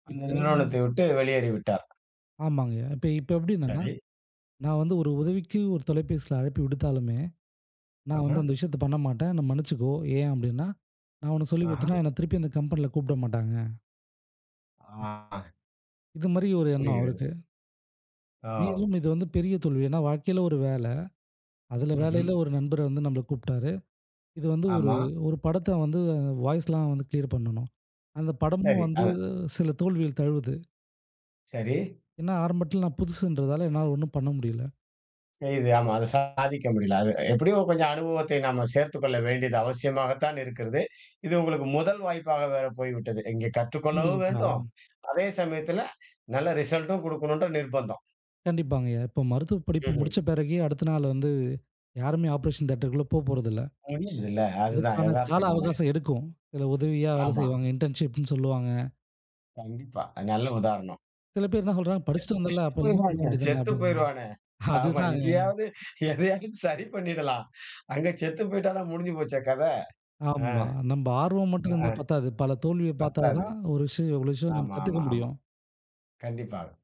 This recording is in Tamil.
அந்த இப்ப நிறுவனத்தை விட்டு வெளியேறிவிட்டார். ஆமாங்க. இப்ப இப்ப எப்டினா, சரி. நான் வந்து ஒரு உதவிக்கு ஒரு தொலைபேசில அழைப்பு விடுத்தாலுமே, "நான் ஆஹ. வந்து அந்த விஷயத்த பண்ணமாட்டேன். என்ன மன்னிச்சுக்கோ. ஏன் அப்டினா, நான் உனக்கு சொல்லிக் ஆஹ. குடுத்துட்டன்னா என்ன திருப்பி அந்த கம்பெனில கூப்ட மாட்டாங்க." ஆ. இது மாரி ஒரு எண்ணம் புரிகிறது. அவருக்கு. ஆவ். [unintelligible] இது வந்து பெரிய தோல்வி. ஏன்னா வாழ்க்கைல ஒரு வேல, அதுல ம்ஹ்ம். வேலைல ஒரு நண்பர் வந்து நம்மல கூப்ட்டாரு. இது வந்து ஒரு ஆமா. 1 படத்த வந்து வாய்ஸ்லாம் வந்து கிளியர் பண்ணனும். அந்த படமும் சரி. வந்து ஆ. சில தோல்விகள் தழுவுது. சரி. ஏன்னா, ஆரம்பட்ல நான் புதுசுன்றதால, என்னால ஒண்ணும் பண்ண முடியல. செய்து. ஆமா, அது சாதிக்க முடியல. அது எப்டியும் கொஞ்சம் அனுபவத்தை நம்ம சேர்த்துக் கொள்ள வேண்டியது அவசியமாக தான் இருக்கிறது. இது உங்களுக்கு முதல் வாய்ப்பாக வேற போயிவிட்டது. இங்கே கற்றுக்கொள்ளவும் வேண்டும். கண்டிப்பாங்க. அதே சமயத்துல நல்ல ரிசல்டும் குடுக்கணும்ன்ற நிர்பந்தம். கண்டிப்பாங்கயா. இப்ப மருத்துவப் படிப்பு ம்ஹ்ம். முடிச்ச பெறகு அடுத்த நாள் வந்து யாருமே ஆப்ரேஷன் தியேட்டர்க்கு உள்ள போப்போறதில்ல. புரியுதுல்ல. அதுதான் அதுக்கான கால எதார்த்தம் தானே. அவகாசம் எடுக்கும் சில உதவியா வேல ஆமா. செய்வாங்க இன்டர்ன்ஷிப்ன்னு சொல்லுவாங்க. கண்டிப்பா. அது நல்ல உதாரணம். சில பேரு என்ன சொல்றாங்க [unintelligible] செத்து படிச்சிட்டு வந்தல்ல, அப்ப இது பண்ண போயிருவானே, வேண்டியது தானே செத்து அப்டின்னு. போயிருவானே. ஆமா அதுதாங்க. இங்கயாவது எதையாவது சரி பண்ணிடலாம். அங்க செத்து போய்ட்டானா முடுஞ்சி போச்சே கத. ஆ, ஆமா. நம்ப ஆர்வம் மட்டும் இருந்தா ஆஹ, பத்தாது, பல தோல்விய பாத்தா பத்தாது. தான் ஒரு விஷயம், ஒரு விஷயம் நம்ம ஆமா, கத்துக்க ஆமா, ஆமா. முடியும். கண்டிப்பாக.